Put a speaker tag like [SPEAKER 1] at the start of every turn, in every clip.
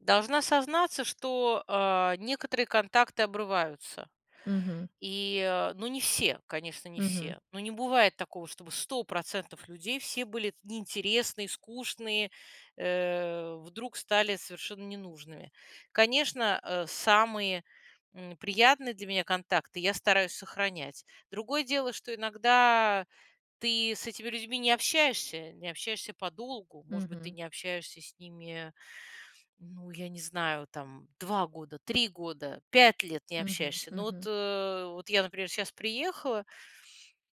[SPEAKER 1] Должна сознаться, что, а, некоторые контакты обрываются,
[SPEAKER 2] Мгм.
[SPEAKER 1] и, э, ну, не все, конечно, не
[SPEAKER 2] Мгм.
[SPEAKER 1] все. Ну, не бывает такого, чтобы 100 % людей, все были в неинтересные, скучные, э, вдруг стали совершенно ненужными. Конечно, э, самые, м, приятные для меня контакты я стараюсь сохранять. Другое дело, что иногда ты с этими людьми не общаешься, не общаешься подолгу. Может быть, ты
[SPEAKER 2] Мгм.
[SPEAKER 1] не общаешься с ними, ну, я не знаю, там 2 года, 3 года, 5 лет не
[SPEAKER 2] Мгм,
[SPEAKER 1] общаешься. Но вот,
[SPEAKER 2] мгм.
[SPEAKER 1] э, вот я, например, щас приехала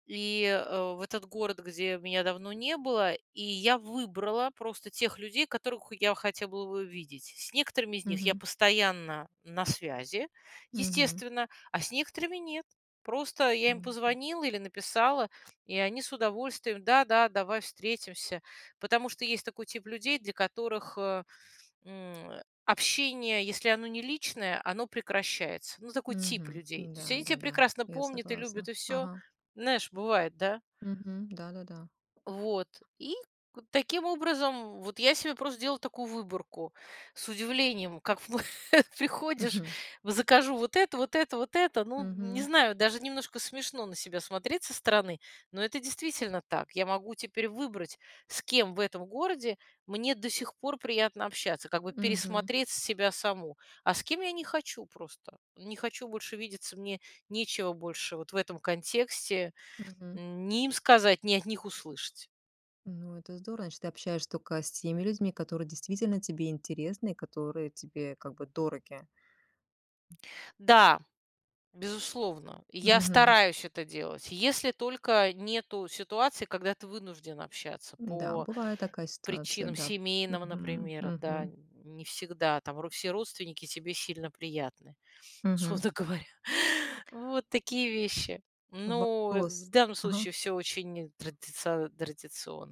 [SPEAKER 1] и, э, в этот город, где меня давно не было, и я выбрала просто тех людей, которых я хотела бы увидеть. С некоторыми из них я
[SPEAKER 2] Мгм.
[SPEAKER 1] постоянно на связи,
[SPEAKER 2] Мгм.
[SPEAKER 1] естественно, а с некоторыми нет. Просто я им
[SPEAKER 2] Мгм.
[SPEAKER 1] позвонила или написала, и они с удовольствием: "Да-да, давай встретимся". Потому что есть такой тип людей, для которых, э, м, общение, если оно не личное, оно прекращается. Ну, такой тип
[SPEAKER 2] Мгм.
[SPEAKER 1] людей. То есть
[SPEAKER 2] Да
[SPEAKER 1] они тя
[SPEAKER 2] да да,
[SPEAKER 1] прекрасно
[SPEAKER 2] я
[SPEAKER 1] помнят и любят,
[SPEAKER 2] согласна.
[SPEAKER 1] и всё.
[SPEAKER 2] Ага.
[SPEAKER 1] Знаешь, бывает, да?
[SPEAKER 2] Мгм. Да да да.
[SPEAKER 1] Вот, и к таким образом, вот я себе просто делаю такую выборку, с удивлением как приходишь
[SPEAKER 2] Мгм.
[SPEAKER 1] в закажу вот это, вот это, вот это, ну, не
[SPEAKER 2] Мгм.
[SPEAKER 1] знаю, даже немножко смешно на себя смотреть со стороны, но это действительно так, я могу теперь выбрать, с кем в этом городе мне до сих пор приятно общаться, как бы
[SPEAKER 2] Мгм.
[SPEAKER 1] пересмотреть себя саму, а с кем я не хочу просто. Не хочу больше видеться, мне нечего больше вот в этом контексте,
[SPEAKER 2] Мгм.
[SPEAKER 1] м, ни им сказать, ни от них услышать.
[SPEAKER 2] Ну, это здорово. Значит, ты общаешься тока с теми людьми, которые действительно тебе интересны и которые тебе, как бы, дороги.
[SPEAKER 1] Да, безусловно, я
[SPEAKER 2] Мгм.
[SPEAKER 1] стараюсь это делать, если только нету ситуации, когда ты вынужден общаться
[SPEAKER 2] Да,
[SPEAKER 1] по
[SPEAKER 2] бывает такая ситуация,
[SPEAKER 1] причинам
[SPEAKER 2] да.
[SPEAKER 1] семейным,
[SPEAKER 2] Мгм,
[SPEAKER 1] например, да.
[SPEAKER 2] мгм.
[SPEAKER 1] Не всегда там ру все родственники тебе сильно приятны,
[SPEAKER 2] Мгм.
[SPEAKER 1] условно говоря. Вот такие вещи. Но, э, в
[SPEAKER 2] Вопрос.
[SPEAKER 1] данном
[SPEAKER 2] Ага.
[SPEAKER 1] случае всё очень традициа традиционно.